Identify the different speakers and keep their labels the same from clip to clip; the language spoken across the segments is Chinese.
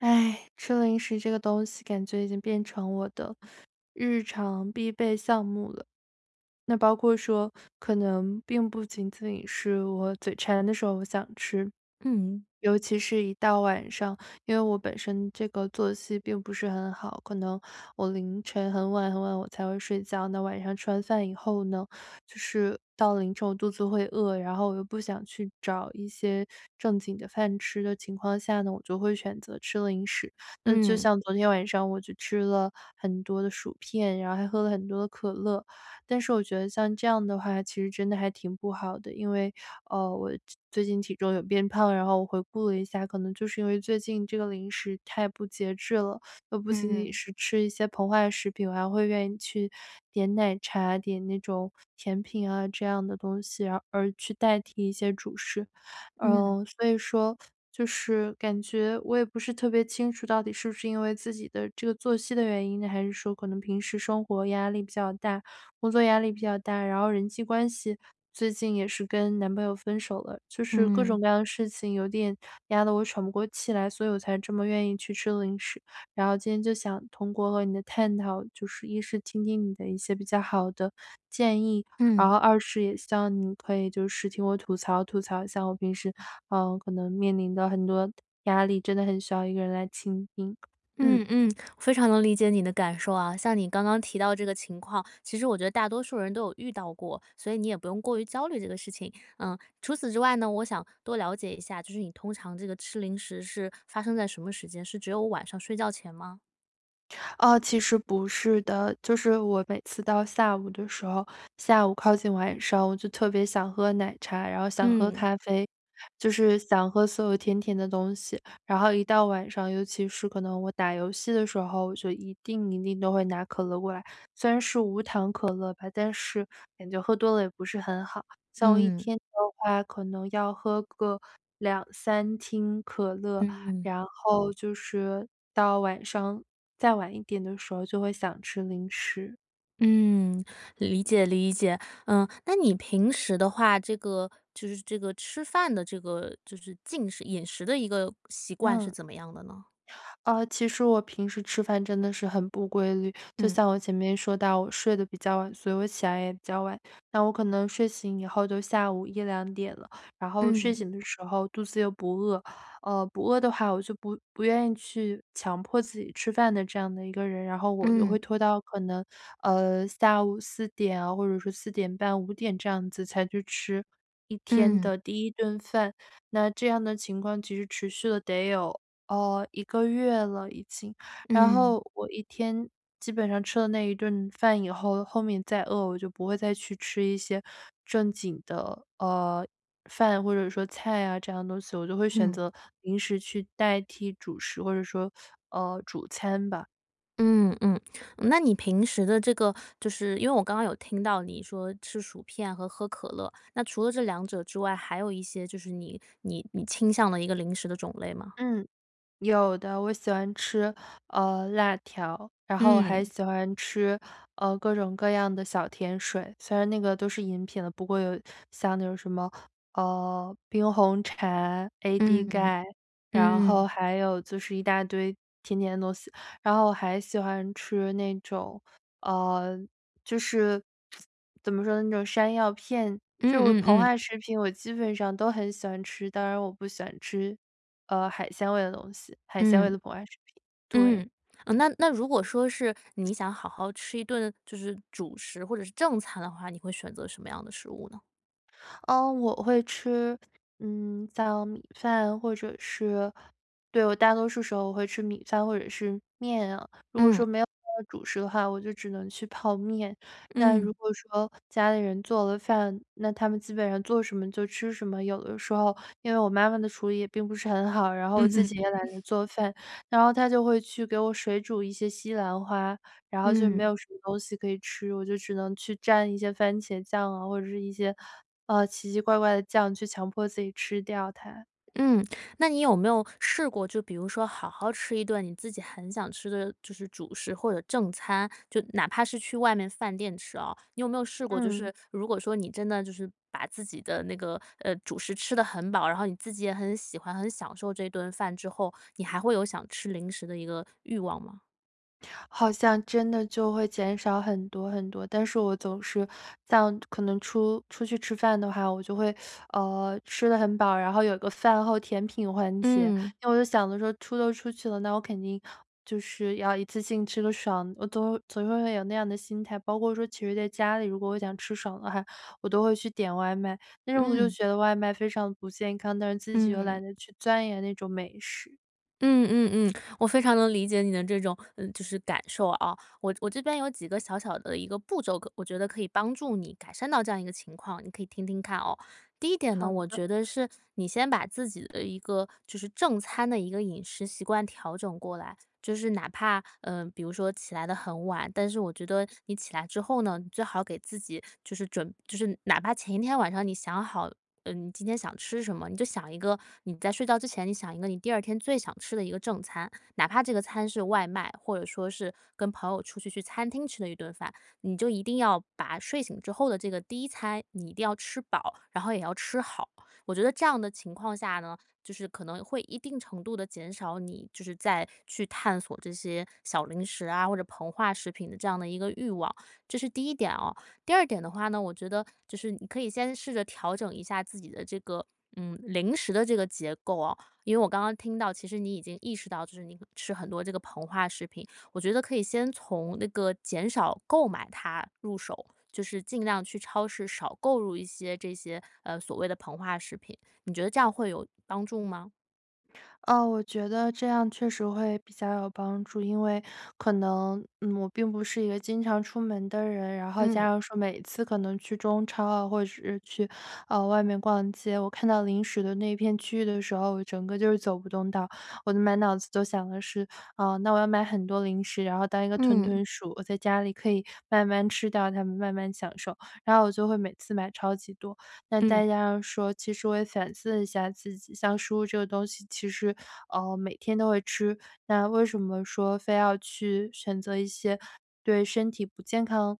Speaker 1: 唉，吃零食这个东西，感觉已经变成我的日常必备项目了。那包括说，可能并不仅仅是我嘴馋的时候，我想吃。
Speaker 2: 嗯。
Speaker 1: 尤其是一到晚上因为我本身这个作息并不是很好，可能我凌晨很晚很晚我才会睡觉，那晚上吃完饭以后呢，就是到了凌晨我肚子会饿，然后我又不想去找一些正经的饭吃的情况下呢，我就会选择吃零食。那就
Speaker 2: 嗯。
Speaker 1: 像昨天晚上我就吃了很多的薯片，然后还喝了很多的可乐，但是我觉得像这样的话，其实真的还挺不好的。因为，呃，我这最近体重有变胖，然后我回顾了一下，可能就是因为最近这个零食太不节制了，又不仅仅
Speaker 2: 嗯。
Speaker 1: 是吃一些膨化食品，我还会愿意去点奶茶、点那种甜品啊，这样的东西，然后而去代替一些主食。
Speaker 2: 嗯。
Speaker 1: 嗯，所以说，就是感觉我也不是特别清楚到底是不是因为自己的这个作息的原因呢，还是说可能平时生活压力比较大、工作压力比较大。然后人际关系，最近也是跟男朋友分手了，就是各
Speaker 2: 嗯。
Speaker 1: 种各样的事情，有点压得我喘不过气来，所以我才这么愿意去吃零食，然后今天就想通过和你的探讨，就是，一是听听你的一些比较好的建议，然
Speaker 2: 嗯。
Speaker 1: 后二是也希望你可以就是听我吐槽吐槽，像我平时，嗯，可能面临的很多压力，真的很需要一个人来倾听。嗯。
Speaker 2: 嗯嗯，非常能理解你的感受啊。像你刚刚提到这个情况，其实我觉得大多数人都有遇到过，所以你也不用过于焦虑这个事情。嗯，除此之外呢，我想多了解一下，就是你通常这个吃零食是发生在什么时间？是只有晚上睡觉前吗？
Speaker 1: 哦，其实不是的。就是我每次到下午的时候，下午靠近晚上，我就特别想喝奶茶，然后想喝
Speaker 2: 嗯。
Speaker 1: 咖啡，就是想喝所有甜甜的东西。然后一到晚上，尤其是可能我打游戏的时候，我就一定一定都会拿可乐过来，虽然是无糖可乐吧，但是感觉喝多了，也不是很好。像我1
Speaker 2: 嗯。
Speaker 1: 天的话，可能要喝个2-3听可乐，
Speaker 2: 嗯。
Speaker 1: 然后就是到晚上，再晚一点的时候，就会想吃零食。
Speaker 2: 嗯，理解理解。呃，那你平时的话，这个就是这个吃饭的这个就是进食饮食的一个习惯，是
Speaker 1: 嗯。
Speaker 2: 怎么样的呢？
Speaker 1: 呃，其实我平时吃饭真的是很不规律。就
Speaker 2: 嗯。
Speaker 1: 像我前面说到，我睡得比较晚，所以我起来也比较晚，那我可能睡醒以后，就下午1-2点了。然后睡
Speaker 2: 嗯。
Speaker 1: 醒的时候，肚子又不饿，呃，不饿的话，我就不不愿意去强迫自己吃饭的这样的一个人，然后我就
Speaker 2: 嗯。
Speaker 1: 会拖到，可能，呃，下午4点啊，或者是4点半、5点这样子，才去吃1天
Speaker 2: 嗯。
Speaker 1: 的第1顿饭。那这样的情况，其实持续了得有，呃，1个月了已经。然
Speaker 2: 嗯。
Speaker 1: 后我一天，基本上吃了那一顿饭以后，后面再饿，我就不会再去吃一些正经的，呃，饭或者说菜啊，这样的东西，我就会选
Speaker 2: 嗯。
Speaker 1: 择零食去代替主食，或者说，呃，主餐吧。
Speaker 2: 嗯嗯，那你平时的这个就是因为我刚刚有听到，你说吃薯片和喝可乐，那除了这两者之外，还有一些就是你你你倾向的一个零食的种类吗？
Speaker 1: 嗯，有的。我喜欢吃，呃，辣条，然后我还
Speaker 2: 嗯。
Speaker 1: 喜欢吃，呃，各种各样的小甜水，虽然那个都是饮品的，不过有像那种什么，呃，冰红茶、AD
Speaker 2: 嗯，
Speaker 1: 钙，然后
Speaker 2: 嗯。
Speaker 1: 还有就是一大堆甜甜的东西。然后我还喜欢吃那种，呃，就是 怎么说呢，那种山药片，
Speaker 2: 嗯
Speaker 1: 就
Speaker 2: 嗯
Speaker 1: 膨化
Speaker 2: 嗯。
Speaker 1: 食品，我基本上都很喜欢吃，当然我不喜欢吃，呃，海鲜味的东西，海鲜味
Speaker 2: 嗯，
Speaker 1: 的膨化食品，对。
Speaker 2: 嗯，呃，那那如果说是，你想好好吃一顿，就是主食或者是正餐的话，你会选择什么样的食物呢？
Speaker 1: 呃，我会吃，嗯，像米饭或者是对，我大多数时候，我会吃米饭或者是面啊。如果
Speaker 2: 嗯。
Speaker 1: 说没有主食的话，我就只能去泡面。那如
Speaker 2: 嗯。
Speaker 1: 果说家里人做了饭，那他们基本上做什么就吃什么。有的时候，因为我妈妈的厨艺，也并不是很好，然后我
Speaker 2: 嗯
Speaker 1: 自
Speaker 2: 哼。
Speaker 1: 己也懒得 做饭，然后她就会去给我水煮一些西兰花，然后就没
Speaker 2: 嗯。
Speaker 1: 有什么东西可以吃，我就只能去沾一些番茄酱啊，或者是一些，呃，奇奇怪怪的酱，去强迫自己吃掉它。
Speaker 2: 嗯，那你有没有试过，就比如说，好好吃一顿你自己很想吃的就是主食或者正餐，就哪怕是去外面饭店吃啊，你有没有试过，就
Speaker 1: 嗯。
Speaker 2: 是如果说你真的，就是把自己的那个，呃，主食吃得很饱，然后你自己也很喜欢、很享受这顿饭之后，你还会有想吃零食的一个欲望吗？
Speaker 1: 好像真的就会减少很多很多，但是我总是像可能出出去吃饭的话，我就会，呃，吃得很饱。然后有个饭后甜品环节，
Speaker 2: 嗯。
Speaker 1: 那我就想着说出都出去了，那我肯定就是要一次性吃个爽，我总会总会会有那样的心态。包括说其实在家里如果我想吃爽的话，我都会去点外卖。但是我又
Speaker 2: 嗯。
Speaker 1: 觉得外卖非常不健康，但是自己又
Speaker 2: 嗯。
Speaker 1: 懒得去钻研那种美食。
Speaker 2: 嗯嗯嗯，我非常能理解你的这种呃，就是感受啊。我我这边有几个小小的一个步骤，可我觉得可以帮助你改善到这样一个情况，你可以听听看哦。第一点呢，
Speaker 1: 好
Speaker 2: 我
Speaker 1: 的。
Speaker 2: 觉得是你先把自己的一个就是正餐的一个饮食习惯调整过来。就是哪怕，呃，比如说起来得很晚，但是我觉得你起来之后呢，你最好给自己就是准就是哪怕前一天晚上你想好嗯，今天想吃什么，你就想一个你在睡觉之前你想一个你第2天最想吃的一个正餐。哪怕这个餐是外卖，或者说是跟朋友出去去餐厅吃的一顿饭，你就一定要把睡醒之后的这个第1餐你一定要吃饱，然后也要吃好。我觉得这样的情况下呢，就是可能会一定程度地减少你，就是再去探索这些小零食啊，或者膨化食品的这样的一个欲望，这是第一点哦。第二点的话呢，我觉得就是你可以先试着调整一下自己的这个嗯，零食的这个结构哦。因为我刚刚听到其实你已经意识到，就是你可吃很多这个膨化食品，我觉得可以先从那个减少购买它入手，就是尽量去超市少购入一些这些，呃，所谓的膨化食品，你觉得这样会有帮助吗？
Speaker 1: 呃，我觉得这样确实会比较有帮助。因为可能，嗯，我并不是一个经常出门的人，然后加
Speaker 2: 嗯。
Speaker 1: 上说每次可能去中超，或者是去，呃，外面逛街，我看到零食的那片区域的时候，我整个就是走不动道。我的满脑子都想的是，呃，那我要买很多零食，然后当一个屯
Speaker 2: 嗯。
Speaker 1: 屯鼠，我在家里可以慢慢吃掉它们，慢慢享受，然后我就会每次买超级多。那大
Speaker 2: 嗯。
Speaker 1: 家说其实我也反思了一下自己，像食物这个东西，其实，呃，每天都会吃，那为什么说非要去选择一些，对身体不健康，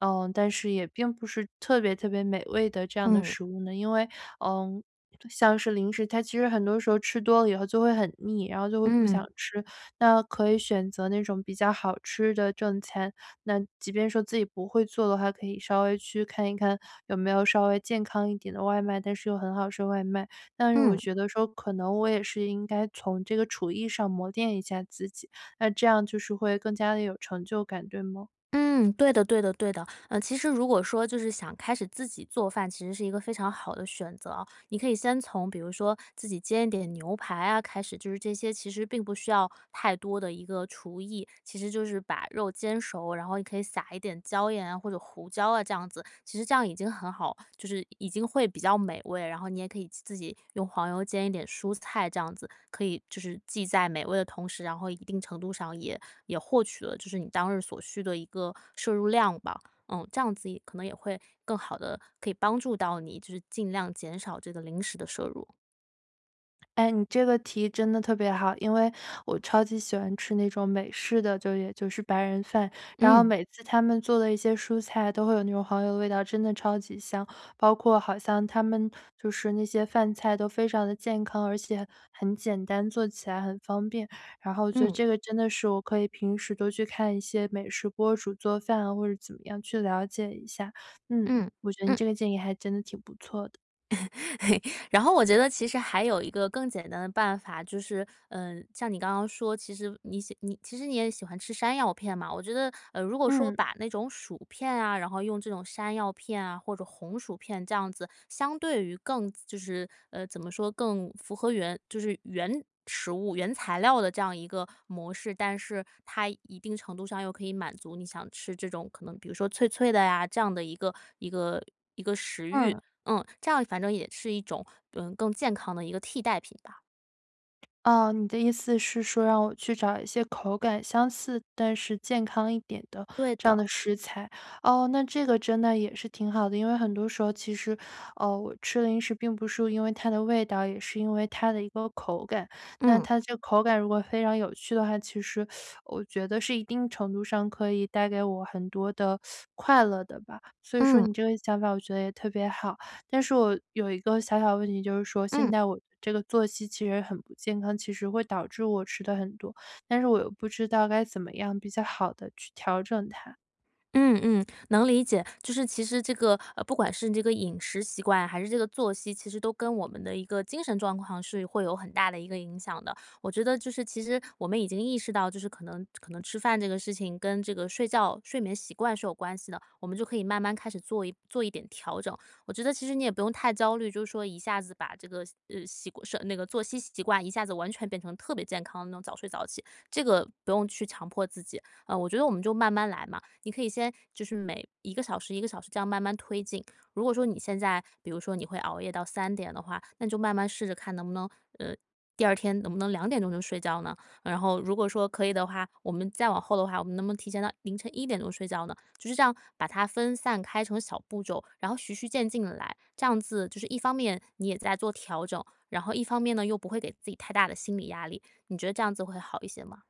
Speaker 1: 呃，但是也并不是特别特别美味的这样的
Speaker 2: 嗯。
Speaker 1: 食物呢？因为，呃，像是零食，它其实很多时候吃多了以后，就会很腻，然后就会不想
Speaker 2: 嗯。
Speaker 1: 吃。那可以选择那种比较好吃的正餐，那即便说自己不会做的话，可以稍微去看一看，有没有稍微健康一点的外卖，但是又很好吃的外卖。但是我
Speaker 2: 嗯。
Speaker 1: 觉得说，可能我也是应该从这个厨艺上，磨练一下自己，那这样就是会更加地有成就感，对吗？
Speaker 2: 嗯，对的对的对的，呃，其实如果说，就是想开始自己做饭，其实是一个非常好的选择哦，你可以先从比如说自己煎一点牛排啊开始。就是这些，其实并不需要太多的一个厨艺，其实就是把肉煎熟，然后你可以撒一点椒盐啊，或者胡椒啊，这样子，其实这样已经很好，就是已经会比较美味，然后你也可以自自己用黄油煎一点蔬菜，这样子。可以就是既在美味的同时，然后一定程度上也也获取了，就是你当日所需的一个摄入量吧。嗯，这样子也可能也会更好地可以帮助到你，就是尽量减少这个零食地摄入。
Speaker 1: 哎，你这个提议真的特别好。因为我超级喜欢吃那种美式的，就也就是白人饭，然后
Speaker 2: 嗯。
Speaker 1: 每次他们做的一些蔬菜都会有那种黄油的味道，真的超级香。包括好像他们就是那些饭菜都非常地健康，而且很简单，做起来很方便。然后我觉得
Speaker 2: 嗯。
Speaker 1: 这个真的是我可以平时多去看一些美食博主做饭啊，或者怎么样去了解一下。嗯，
Speaker 2: 嗯，
Speaker 1: 我觉得你
Speaker 2: 嗯。
Speaker 1: 这个建议还真的挺不错的。
Speaker 2: 然后我觉得其实还有一个更简单的办法，就是呃，像你刚刚说，其实你喜你其实你也喜欢吃山药片嘛，我觉得，呃，如果说
Speaker 1: 嗯。
Speaker 2: 把那种薯片啊，然后用这种山药片啊或者红薯片这样子，相对于更就是呃，怎么说？更符合原就是原食物原材料的这样一个模式，但是它一定程度上，又可以满足你想吃这种可能比如说脆脆的呀，这样的一个一个一个食欲。
Speaker 1: 嗯。
Speaker 2: 嗯，这样反正也是一种嗯，更健康的一个替代品吧。
Speaker 1: 啊，你的意思是说让我去找一些口感相似，但是健康一点的
Speaker 2: 对
Speaker 1: 这样
Speaker 2: 的。
Speaker 1: 的食材。哦，那这个真的也是挺好的，因为很多时候其实，呃，我吃零食并不是因为它的味道，也是因为它的一个口感。那
Speaker 2: 嗯。
Speaker 1: 它这个口感如果非常有趣的话，其实 我觉得是一定程度上，可以带给我很多的 快乐的吧，所以说
Speaker 2: 嗯。
Speaker 1: 你这个想法，我觉得也特别好。但是我有一个小小的问题，就是说现
Speaker 2: 嗯。
Speaker 1: 在我的这个作息其实很不健康，其实会导致我吃得很多，但是我又不知道该怎么样比较好地去调整它。
Speaker 2: 嗯嗯，能理解。就是其实这个呃，不管是你这个饮食习惯，还是这个作息，其实都跟我们的一个精神状况，是会有很大的一个影响的。我觉得就是其实我们已经意识到，就是可能可能吃饭这个事情跟这个睡觉睡眠习惯是有关系的，我们就可以慢慢开始做一做一点调整。我觉得其实你也不用太焦虑，就是说一下子把这个呃，习惯睡那个作息习惯，一下子完全变成特别健康的那种早睡早起，这个不用去强迫自己。啊，我觉得我们就慢慢来嘛，你可以先就是每1个小时1个小时这样慢慢推进。如果说你现在比如说你会熬夜到3点的话，那你就慢慢试着看能不能呃，第2天能不能2点钟就睡觉呢？然后如果说可以的话，我们再往后的话，我们能不能提前到凌晨1点钟睡觉呢？就是这样把它分散开成小步骤，然后徐徐渐进地来。这样子就是一方面你也在做调整，然后一方面呢，又不会给自己太大的心理压力。你觉得这样子会好一些吗？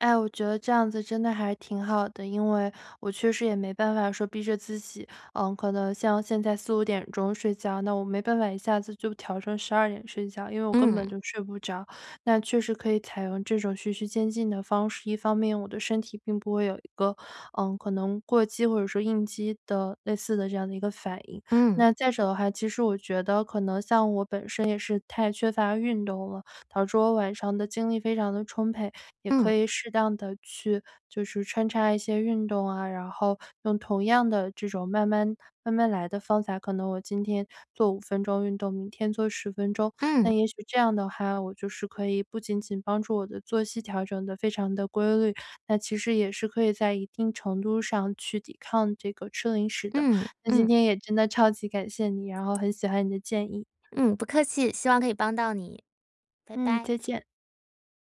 Speaker 1: 哎，我觉得这样子真的还挺好的。因为我确实也没办法说逼着自己，呃，可能像现在4-5点钟睡觉，那我没办法一下子就调成12点睡觉，因为我根本
Speaker 2: 嗯。
Speaker 1: 就睡不着。那确实可以采用这种徐徐渐进的方式，一方面我的身体并不会有一个，嗯，可能过激或者说应激的类似的这样的一个反应。
Speaker 2: 嗯。
Speaker 1: 那再者的话，其实我觉得可能像我本身也是太缺乏运动了，导致我晚上的精力非常地充沛。也
Speaker 2: 嗯。
Speaker 1: 可以适当地去就是穿插一些运动啊，然后用同样的这种慢慢慢慢来的方法，可能我今天做5分钟运动，明天做10分钟。
Speaker 2: 嗯。
Speaker 1: 那也许这样的话，我就是可以不仅仅帮助我的作息调整得非常地规律，那其实也是可以在一定程度上去抵抗这个吃零食的。
Speaker 2: 嗯，
Speaker 1: 那今
Speaker 2: 嗯。
Speaker 1: 天也真的超级感谢你，然后很喜欢你的建议。
Speaker 2: 嗯，不客气。希望可以帮到你，拜
Speaker 1: 嗯，
Speaker 2: 拜。
Speaker 1: 再见。